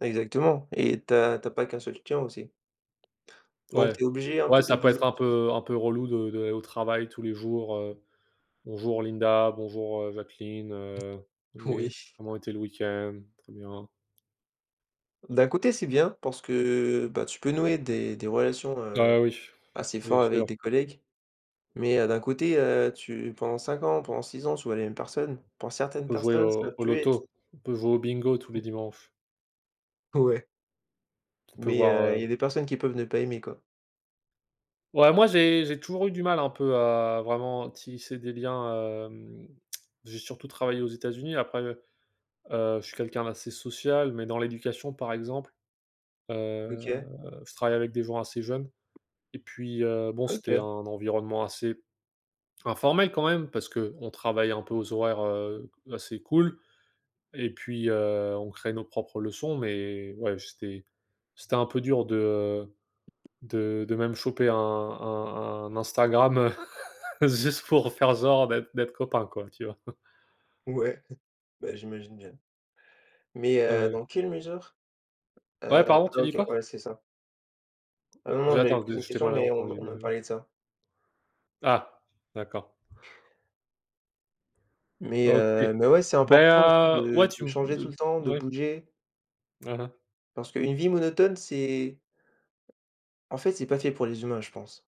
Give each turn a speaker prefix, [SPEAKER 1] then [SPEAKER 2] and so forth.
[SPEAKER 1] Exactement et tu as tu as pas qu'un seul client aussi. Donc
[SPEAKER 2] Ouais.
[SPEAKER 1] tu es obligé un peu
[SPEAKER 2] Ouais,
[SPEAKER 1] de
[SPEAKER 2] ça peut
[SPEAKER 1] bouger.
[SPEAKER 2] être un
[SPEAKER 1] [unintelligible]
[SPEAKER 2] peu un peu relou de de d'aller au travail tous les jours, heu: «Bonjour Linda, bonjour, heu, Jacqueline, heu, oui,
[SPEAKER 1] Oui.
[SPEAKER 2] comment était le week-end? Très bien.»
[SPEAKER 1] D'un côté, c'est bien parce que, heu, bah tu peux nouer des des relations, heu,
[SPEAKER 2] Ah oui,
[SPEAKER 1] assez
[SPEAKER 2] bien
[SPEAKER 1] fort avec
[SPEAKER 2] sûr.
[SPEAKER 1] des collègues. Mais heu, d'un côté, heu, tu pendant 5, pendant 6, tu vois les mêmes personnes. Pour
[SPEAKER 2] Il
[SPEAKER 1] certaines
[SPEAKER 2] faut jouer
[SPEAKER 1] personnes, ça
[SPEAKER 2] au au
[SPEAKER 1] peut être
[SPEAKER 2] loto, on peut jouer au bingo tous les dimanches.
[SPEAKER 1] Ouais.
[SPEAKER 2] On peut
[SPEAKER 1] Mais
[SPEAKER 2] voir,
[SPEAKER 1] heu, il y a
[SPEAKER 2] heu
[SPEAKER 1] des personnes qui peuvent ne pas aimer quoi.
[SPEAKER 2] Ouais, moi j'ai j'ai toujours eu du mal un peu à vraiment tisser des liens, hem, j'ai surtout travaillé aux États-Unis après, heu heu je suis quelqu'un d'assez social, mais dans l'éducation par exemple, heu,
[SPEAKER 1] OK.
[SPEAKER 2] je travaillais avec des gens assez jeunes et puis, heu, bon, c'était un
[SPEAKER 1] OK.
[SPEAKER 2] environnement assez informel quand même. Parce qu'on travaille un peu aux horaires, heu, assez cool et puis, heu, on crée nos propres leçons mais ouais, c'était c'était un peu dur de, heu, de de même choper un un un Instagram juste pour faire genre d'être d'être copain quoi, tu vois?
[SPEAKER 1] Ouais, beh j'imagine bien. Mais
[SPEAKER 2] Ouais,
[SPEAKER 1] heu,
[SPEAKER 2] ouais.
[SPEAKER 1] dans quelle mesure?
[SPEAKER 2] Ouais,
[SPEAKER 1] Heu,
[SPEAKER 2] pardon, tu dis
[SPEAKER 1] OK,
[SPEAKER 2] quoi?
[SPEAKER 1] ouais, c'est ça. Ah non, non,
[SPEAKER 2] J'ai
[SPEAKER 1] j'allais
[SPEAKER 2] attends
[SPEAKER 1] te poser
[SPEAKER 2] de
[SPEAKER 1] une
[SPEAKER 2] je t'ai
[SPEAKER 1] question,
[SPEAKER 2] mal
[SPEAKER 1] mais on
[SPEAKER 2] entendu,
[SPEAKER 1] on a
[SPEAKER 2] heu
[SPEAKER 1] parlé de ça.
[SPEAKER 2] Ah! D'accord.
[SPEAKER 1] Mais
[SPEAKER 2] OK.
[SPEAKER 1] heu mais ouais, c'est
[SPEAKER 2] Bah
[SPEAKER 1] important aussi
[SPEAKER 2] heu, ouais
[SPEAKER 1] de
[SPEAKER 2] tu
[SPEAKER 1] de
[SPEAKER 2] me
[SPEAKER 1] changer tout
[SPEAKER 2] de
[SPEAKER 1] le temps, de
[SPEAKER 2] ouais.
[SPEAKER 1] bouger.
[SPEAKER 2] Hein, hein.
[SPEAKER 1] Parce qu'une vie monotone, c'est en fait, c'est pas fait pour les humains, je pense.